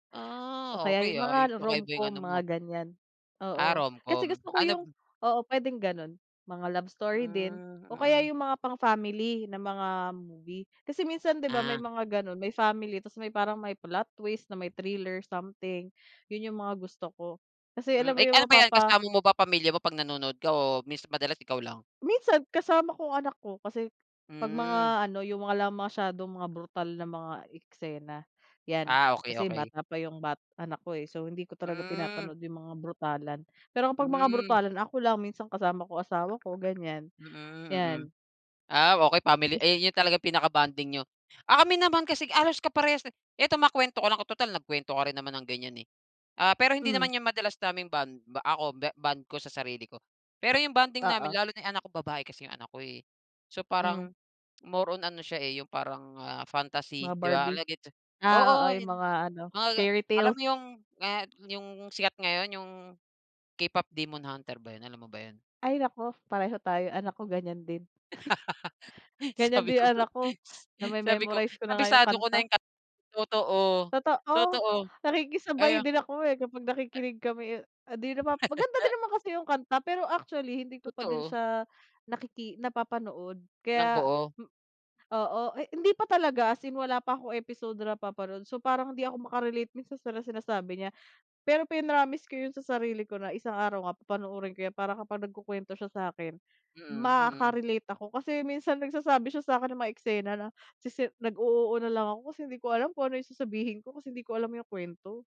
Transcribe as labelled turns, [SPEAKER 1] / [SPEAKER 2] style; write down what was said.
[SPEAKER 1] O
[SPEAKER 2] Ah,
[SPEAKER 1] kaya
[SPEAKER 2] okey,
[SPEAKER 1] yung
[SPEAKER 2] ah,
[SPEAKER 1] mga
[SPEAKER 2] kakaiba yung
[SPEAKER 1] romcom
[SPEAKER 2] ano
[SPEAKER 1] mga
[SPEAKER 2] mo.
[SPEAKER 1] ganyan,
[SPEAKER 2] Ah,
[SPEAKER 1] oo. Kasi
[SPEAKER 2] romcom.
[SPEAKER 1] gusto ko
[SPEAKER 2] Ano
[SPEAKER 1] yung oo, pwedeng ganon, mga love story din
[SPEAKER 2] Hmm,
[SPEAKER 1] o kaya
[SPEAKER 2] mm.
[SPEAKER 1] yung mga pang-family na mga movie. Kasi minsan 'di ba, may
[SPEAKER 2] Ah.
[SPEAKER 1] mga ganon, may family tas may parang may plot twist na may thriller something, yun yung mga gusto ko, kasi alam
[SPEAKER 2] Hmm, eh,
[SPEAKER 1] mo yung
[SPEAKER 2] ano ba yan
[SPEAKER 1] mapapa
[SPEAKER 2] kasama mo ba pamilya mo 'pag nanonood ka o mins madalas ikaw lang?
[SPEAKER 1] Minsan kasama ko ang anak ko, kasi 'pag
[SPEAKER 2] Hmm.
[SPEAKER 1] mga ano yung mga la masyadong mga brutal na mga eksena yan,
[SPEAKER 2] Ah, okey,
[SPEAKER 1] kasi
[SPEAKER 2] okey.
[SPEAKER 1] bata pa yung bat anak ko, eh, so hindi ko talaga
[SPEAKER 2] Hmm.
[SPEAKER 1] pinapanood yung mga brutalan, pero kapag mga
[SPEAKER 2] Hmm.
[SPEAKER 1] brutalan ako lang, minsan kasama ko asawa ko ganyan,
[SPEAKER 2] Mm, mm.
[SPEAKER 1] yan.
[SPEAKER 2] Ah, okey, family, eh, yun talaga pinaka-bonding niyo. Ah, kami naman kasi halos kaparehas, eh. Ito makwento ko lang total nagkwento ka rin naman ng ganyan, eh. Ah, pero hindi
[SPEAKER 1] Hmm.
[SPEAKER 2] naman yan madalas naming bond ako ba bond ko sa sarili ko, pero yung bonding namin
[SPEAKER 1] Oo.
[SPEAKER 2] lalo na yung anak ko, babae kasi yung anak ko, eh. So
[SPEAKER 1] Hmm.
[SPEAKER 2] parang more on ano siya, eh, yung parang, ah,
[SPEAKER 1] Mga
[SPEAKER 2] fantasy, 'di ba,
[SPEAKER 1] Barbie,
[SPEAKER 2] alleged,
[SPEAKER 1] ah, oo,
[SPEAKER 2] oo,
[SPEAKER 1] yung
[SPEAKER 2] yun,
[SPEAKER 1] mga ano,
[SPEAKER 2] mga ga
[SPEAKER 1] fairy
[SPEAKER 2] alam
[SPEAKER 1] tales.
[SPEAKER 2] mo yung, ah, yung sikat ngayon, yung K-pop Demon Hunter ba yun, alam mo ba yun?
[SPEAKER 1] Ay naku, pareho tayo, anak ko ganyan din. Ganyan
[SPEAKER 2] Sabi
[SPEAKER 1] di
[SPEAKER 2] ko nga,
[SPEAKER 1] anak ko
[SPEAKER 2] sabi ko,
[SPEAKER 1] name-memorize ko na nga yung
[SPEAKER 2] kabisado ko na
[SPEAKER 1] kanta.
[SPEAKER 2] yung kanta. Totoo,
[SPEAKER 1] Totoo,
[SPEAKER 2] totoo,
[SPEAKER 1] nakikisabay
[SPEAKER 2] kaya
[SPEAKER 1] din ako, eh, kapag nakikinig kami, ah, di naman maganda din naman kasi yung kanta pero actually hindi ko pa din
[SPEAKER 2] Totoo.
[SPEAKER 1] siya nakiki napapanood
[SPEAKER 2] Ng
[SPEAKER 1] kaya,
[SPEAKER 2] buo?
[SPEAKER 1] m oo, eh, hindi pa talaga as in wala pa ako episode na napapanood, so parang hindi ako maka-relate minsan sa sinasabi niya. Pero pinromise ko yun sa sarili ko na isang araw nga papanoorin ko yan, para kapag nagkukwento siya sa akin,
[SPEAKER 2] Mm, mm.
[SPEAKER 1] maka-relate ako kasi minsan nagsasabi siya sa akin ng mga eksena na sisi nag-o-oo na lang ako kasi hindi ko alam kung ano yung sasabihin ko kasi hindi ko alam yung kwento.